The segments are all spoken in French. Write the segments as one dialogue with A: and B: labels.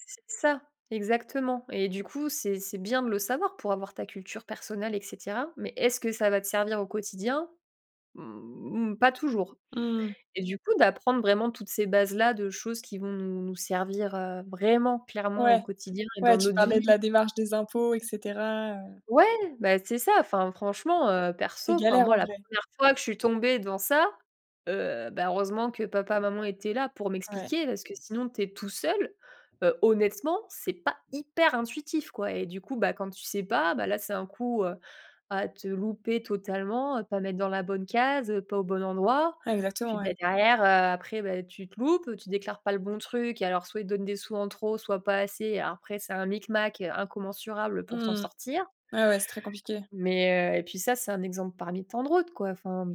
A: C'est ça, exactement, et du coup, c'est c'est bien de le savoir pour avoir ta culture personnelle, et cetera, mais est ce que ça va te servir au quotidien? Mmh, pas toujours,
B: Mmh.
A: et du coup, d'apprendre vraiment toutes ces bases là, de choses qui vont nous nous servir, heu, vraiment clairement au
B: Ouais.
A: quotidien et
B: Ouais,
A: dans
B: tu
A: notre vie
B: parlais de la démarche des impôts, et cetera, heu
A: Ouais, bah, c'est ça. Enfin franchement, heu, perso,
B: C'est
A: enfin
B: galère,
A: moi,
B: en
A: la
B: vrai.
A: première fois que je suis tombée dans ça, heu, bah, heureusement que papa, maman étaient là pour
B: Ouais.
A: m'expliquer parce que sinon, tu es tout seul. Heu, honnêtement, c'est pas hyper intuitif, quoi, et du coup, bah, quand tu sais pas, bah là, c'est un coup, heu, à te louper totalement, à pas mettre dans la bonne case, heu, pas au bon endroit.
B: Exactement,
A: Puis, bah,
B: ouais.
A: derrière, heu, après, bah, tu te loupes, tu déclares pas le bon truc et alors soit il te donne des sous en trop, soit pas assez. Alors, après, c'est un micmac incommensurable pour t'en
B: Mmh.
A: sortir
B: Ouais, ouais, c'est très compliqué.
A: mais heu, et puis ça, c'est un exemple parmi tant de route, quoi, enfin.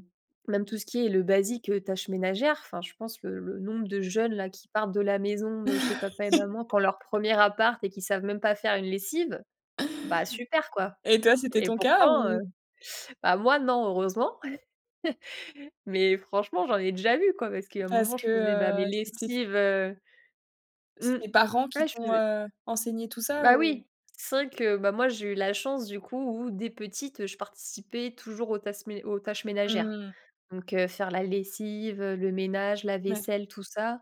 A: Même tout ce qui est le basique, heu, tâches ménagères. Enfin, je pense le le nombre de jeunes, là, qui partent de la maison de chez papa et maman quand leur premier appart et qui savent même pas faire une lessive. Bah, super, quoi,
B: Et toi, c'était
A: et
B: ton cas,
A: pourtant, heu
B: ou
A: bah, moi non, heureusement. Mais franchement, j'en ai déjà vu, quoi. Parce qu'il y a un
B: Parce
A: moment,
B: que,
A: je faisais, bah, mes
B: heu, cétait f
A: lessives, heu,
B: C'est
A: mmh.
B: tes parents qui
A: Ouais, je
B: t'ont,
A: faisais
B: heu, enseigné tout ça,
A: Bah
B: ou?
A: oui. C'est vrai que, bah, moi j'ai eu la chance du coup où, dès petite, heu, je participais toujours aux tasses mé aux tâches ménagères,
B: Mmh.
A: donc heu, faire la lessive, heu, le ménage, la
B: Ouais.
A: vaisselle, tout ça,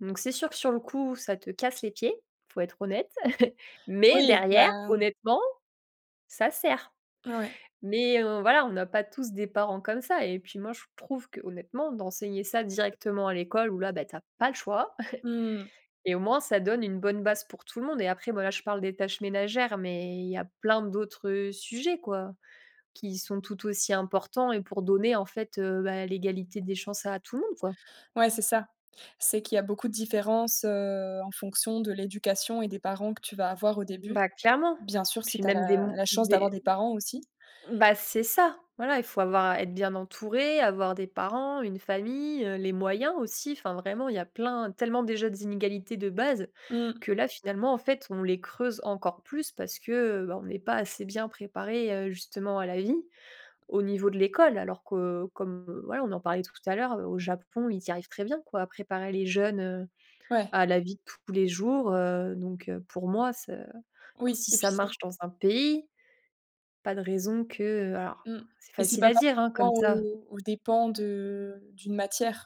A: donc c'est sûr que sur le coup, ça te casse les pieds, il faut être honnête. Mais
B: Oui,
A: derrière,
B: ben.
A: honnêtement, ça sert,
B: Ah ouais?
A: mais heu, voilà, on n'a pas tous des parents comme ça, et puis moi, je trouve que, honnêtement, d'enseigner ça directement à l'école, où là, tu as pas le choix
B: Mmh.
A: et au moins ça donne une bonne base pour tout le monde, et après, voilà, je parle des tâches ménagères, mais il y a plein d'autres, heu, sujets, quoi, qui sont tout aussi importants, et pour donner, en fait, heu, ben l'égalité des chances à tout le monde, quoi.
B: Ouais, c'est ça. C'est qu'il y a beaucoup de différences, heu, en fonction de l'éducation, et des parents que tu vas avoir au début.
A: Bah, clairement,
B: Bien sûr, si
A: puis
B: tu as
A: même des
B: la
A: mon
B: la chance d'avoir
A: des
B: des parents aussi.
A: Ben c'est ça. Voilà, il faut avoir être bien entouré, avoir des parents, une famille, heu, les moyens aussi. Enfin, vraiment, il y a plein, tellement déjà d'inégalités de base
B: Mmh.
A: que là, finalement, en fait, on les creuse encore plus parce que, heu, ben, on est pas assez bien préparé, heu, justement à la vie, au niveau de l'école. Alors que comme, voilà, on en parlait tout à l'heure, heu, au Japon, ils y arrivent très bien, quoi, à préparer les jeunes, heu,
B: Ouais.
A: à la vie de tous les jours, heu, donc heu, pour moi, ce
B: Oui,
A: si
B: et puis
A: ça
B: c'est
A: marche dans un pays, pas de raison que alors
B: Mmh,
A: c'est
B: et c'est
A: facile
B: pas
A: à dire, hein, comme
B: parfois
A: ça.
B: aux aux dépens de d'une matière.